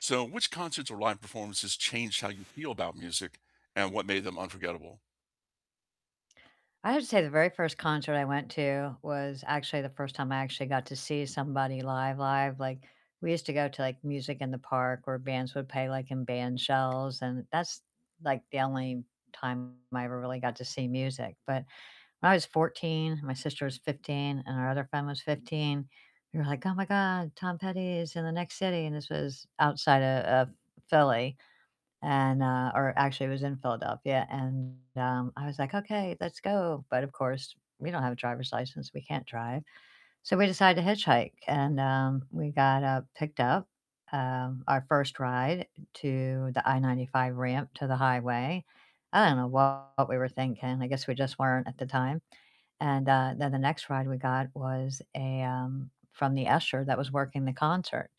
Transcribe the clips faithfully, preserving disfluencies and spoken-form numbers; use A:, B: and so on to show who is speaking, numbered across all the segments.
A: So which concerts or live performances changed how you feel about music and what made them unforgettable?
B: I have to say the very first concert I went to was actually the first time I actually got to see somebody live live, like, we used to go to, like, music in the park where bands would pay, like, in band shells, and that's, like, the only time I ever really got to see music. But when I was fourteen, my sister was fifteen, and our other friend was fifteen, we were like, "Oh my god, Tom Petty is in the next city." And this was outside o of Philly, and, uh Or actually it was in Philadelphia. And, um, I was like, "Okay, let's go." But of course we don't have a driver's license, we can't drive. So we decided to hitchhike, and, um, we got, uh, picked up, um, our first ride to the I ninety five ramp to the highway. I don't know what we were thinking, I guess we just weren't at the time. And, uh, then the next ride we got was a, um from the usher that was working the concert.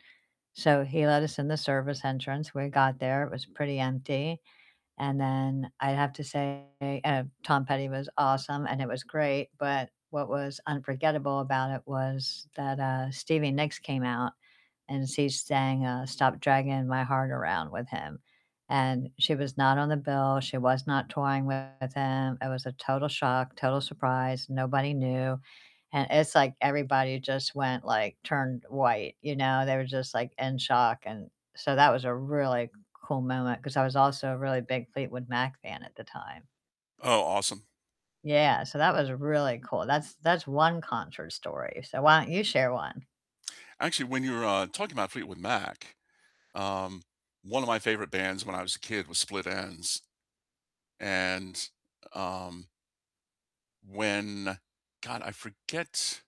B: So he let us in the service entrance, we got there, it was pretty empty, and then I'd have to say uh, Tom Petty was awesome, and it was great, but what was unforgettable about it was that, uh, Stevie Nicks came out, and she sang, uh, "Stop Dragging My Heart Around" with him. And she was not on the bill, she was not touring with him, it was a total shock, total surprise, nobody knew. And it's like everybody just went, like turned white, you know? They were just, like, in shock, and so that was a really cool moment 'cause I was also a really big Fleetwood Mac fan at the time.
A: Oh, awesome.
B: Yeah, so that was really cool. That's that's one concert story. So why don't you share one?
A: Actually, when you were, uh, talking about Fleetwood Mac, um, one of my favorite bands when I was a kid was Split Enz, and, um when God, I forget